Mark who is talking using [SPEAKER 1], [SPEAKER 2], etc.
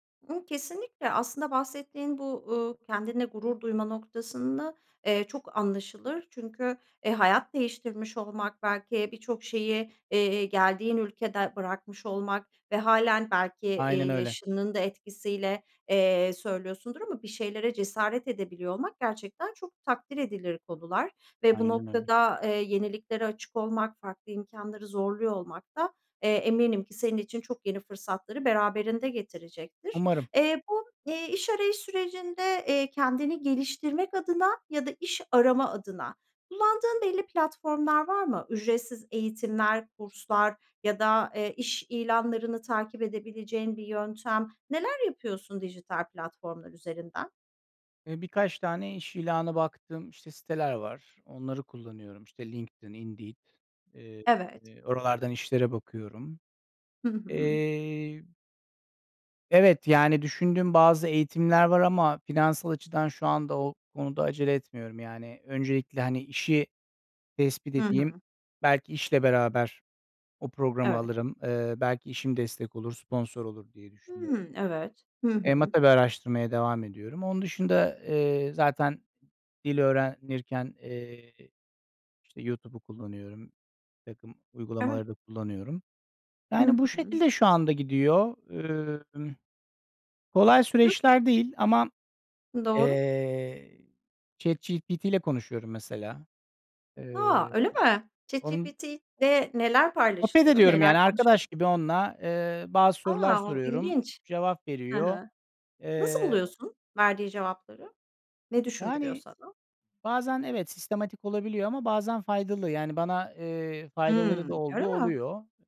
[SPEAKER 1] Imm, kesinlikle aslında bahsettiğin bu, uuu, kendinle gurur duyma noktasında, eee, çok anlaşılır. Çünkü, eee, hayat değiştirmiş olmak belki birçok şeyi, eee, geldiğin ülkede bırakmış olmak ve hâlen belki, eee,
[SPEAKER 2] Aynen öyle.
[SPEAKER 1] yaşının da etkisiyle, eee, söylüyorsundur ama bir şeylere cesaret edebiliyor olmak gerçekten çok takdir edilir konular. Ve bu
[SPEAKER 2] Aynen öyle.
[SPEAKER 1] noktada, eee, yeniliklere açık olmak, farklı imkânları zorluyor olmak da, eee, eminim ki senin için çok yeni fırsatları beraberinde getirecektir.
[SPEAKER 2] Umarım.
[SPEAKER 1] Eee, bu, eee, iş arayış sürecinde, eee, kendini geliştirmek adına ya da iş arama adına kullandığın belli platformlar var mı? Ücretsiz eğitimler, kurslar ya da, eee, iş ilanlarını takip edebileceğin bir yöntem. Neler yapıyorsun dijital platformlar üzerinden?
[SPEAKER 2] Eee, birkaç tane iş ilanı baktığım, işte, siteler var. Onları kullanıyorum, işte, LinkedIn, Indeed. Eee,
[SPEAKER 1] Evet.
[SPEAKER 2] oralardan işlere bakıyorum.
[SPEAKER 1] Hı hı.
[SPEAKER 2] Eee Evet, yani, düşündüğüm bazı eğitimler var ama finansal açıdan şu anda o konuda acele etmiyorum yani öncelikle, hani, işi tespit
[SPEAKER 1] Hı
[SPEAKER 2] edeyim,
[SPEAKER 1] hı.
[SPEAKER 2] belki işle beraber o programı
[SPEAKER 1] Evet.
[SPEAKER 2] alırım. Eee, belki işim destek olur, sponsor olur diye düşünüyorum.
[SPEAKER 1] Hıı, evet. Hı
[SPEAKER 2] Eee, ama
[SPEAKER 1] hı.
[SPEAKER 2] tabii bir araştırmaya devam ediyorum. Onun dışında, eee, zaten dil öğrenirken, eee, işte, YouTube'u kullanıyorum, birtakım
[SPEAKER 1] Evet.
[SPEAKER 2] uygulamaları da kullanıyorum.
[SPEAKER 1] Hı
[SPEAKER 2] Yani bu
[SPEAKER 1] hı.
[SPEAKER 2] şekilde şu anda gidiyor. Imm, kolay
[SPEAKER 1] YouTu
[SPEAKER 2] süreçler değil ama,
[SPEAKER 1] Doğru.
[SPEAKER 2] eee, ChatGPT ile konuşuyorum mesela.
[SPEAKER 1] A!
[SPEAKER 2] Eee,
[SPEAKER 1] Öyle mi?
[SPEAKER 2] onun
[SPEAKER 1] ChatGPT'de neler
[SPEAKER 2] Sohbet
[SPEAKER 1] paylaşılıyor?
[SPEAKER 2] ediyorum
[SPEAKER 1] Neler
[SPEAKER 2] yani arkadaş
[SPEAKER 1] konuşuyorsun?
[SPEAKER 2] gibi onunla, eee, bazı sorular
[SPEAKER 1] A, u
[SPEAKER 2] soruyorum.
[SPEAKER 1] ilginç!
[SPEAKER 2] Cevap
[SPEAKER 1] Hı
[SPEAKER 2] veriyor.
[SPEAKER 1] hı. Nasıl
[SPEAKER 2] Eee, o
[SPEAKER 1] buluyorsun verdiği cevapları? Ne düşündürüyor
[SPEAKER 2] Yani,
[SPEAKER 1] sana?
[SPEAKER 2] bazen evet sistematik olabiliyor ama bazen faydalı. Yani bana, eee, faydaları da
[SPEAKER 1] Hımm, öyle
[SPEAKER 2] olduğu
[SPEAKER 1] mi?
[SPEAKER 2] oluyor.